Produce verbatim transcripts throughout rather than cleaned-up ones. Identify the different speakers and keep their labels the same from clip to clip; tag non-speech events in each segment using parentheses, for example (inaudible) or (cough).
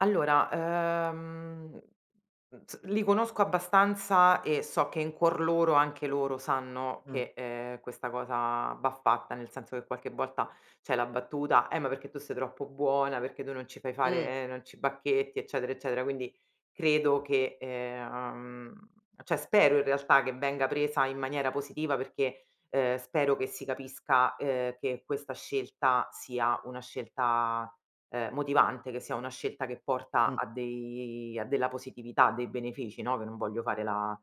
Speaker 1: Allora, uhm, mhmm, z li conosco abbastanza e so che in cuor loro anche loro sanno
Speaker 2: Mh.
Speaker 1: che, ehm, questa cosa va fatta. Nel senso che, qualche volta c'è la battuta: "Eh, ma perché tu sei troppo buona, perché tu non ci fai
Speaker 2: Mh.
Speaker 1: fare non ci bacchetti," eccetera, eccetera. Quindi, credo che ehm uhm, ceh spero, i realtà, che venga presa in maniera positiva, perché, ehm, spero che si capisca, ehm, che questa scelta sia una scelta, ehm, motivante, che sia una scelta che porta
Speaker 2: Mh.
Speaker 1: a dei a della positività, a dei benefici, no, che non voglio fare la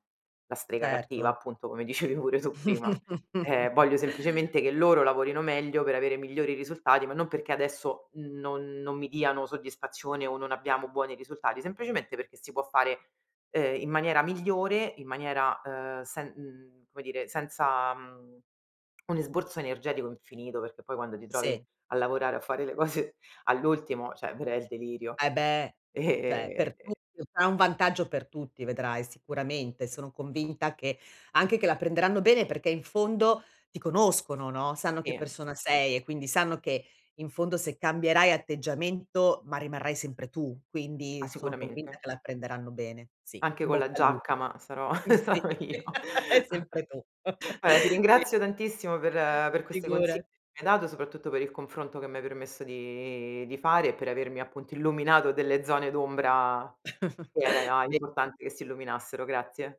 Speaker 1: la strega cattiva,
Speaker 2: Certo.
Speaker 1: appunto, come dicevi pure tu prima. Ehm,
Speaker 2: (chuckles)
Speaker 1: voglio semplicemente che loro lavorino meglio, per avere migliori risultati, ma non perché adesso non non mi diano soddisfazione o non abbiamo buoni risultati, semplicemente perché si può fare, ehm, in maniera migliore, in maniera, ehm, sen mhmm, come dire, senza, mhmm, un esborso energetico infinito, perché poi quando ti trovi
Speaker 2: Sì.
Speaker 1: a lavorare, a fare le cose all'ultimo, ceh, verrà il delirio.
Speaker 2: Ah, eh beh! ceh,
Speaker 1: E
Speaker 2: per
Speaker 1: e
Speaker 2: tutti (unintelligible) un vantaggio per tutti vedrai, sicuramente. Sono convinta che anche che la prenderanno bene, perché in fondo ti conoscono, no, sanno che
Speaker 1: I
Speaker 2: persona sei e quindi sanno che, in fondo, se cambierai atteggiamento, ma rimarrai sempre tu.
Speaker 1: Ah,
Speaker 2: Quindi, sono convinta
Speaker 1: sicuramente.
Speaker 2: che la prenderanno bene. Sì,
Speaker 1: Anche
Speaker 2: im
Speaker 1: con la
Speaker 2: bocca al lu
Speaker 1: giacca, ma sarò
Speaker 2: mhmm, sì
Speaker 1: (chuckles) sarò io!
Speaker 2: (chuckles) e
Speaker 1: (chuckles)
Speaker 2: sempre tu!
Speaker 1: vaè, ti
Speaker 2: (chuckles) (unintelligible)
Speaker 1: ringrazio tantissimo per per queste consi che
Speaker 2: Figurati.
Speaker 1: mi hai dato, soprattutto per il confronto che mi hai permesso di di fare e per avermi, appunto, illuminato delle zone d'ombra che
Speaker 2: (chuckles)
Speaker 1: era e a
Speaker 2: (unintelligible)
Speaker 1: importante che si illuminassero. Grazie.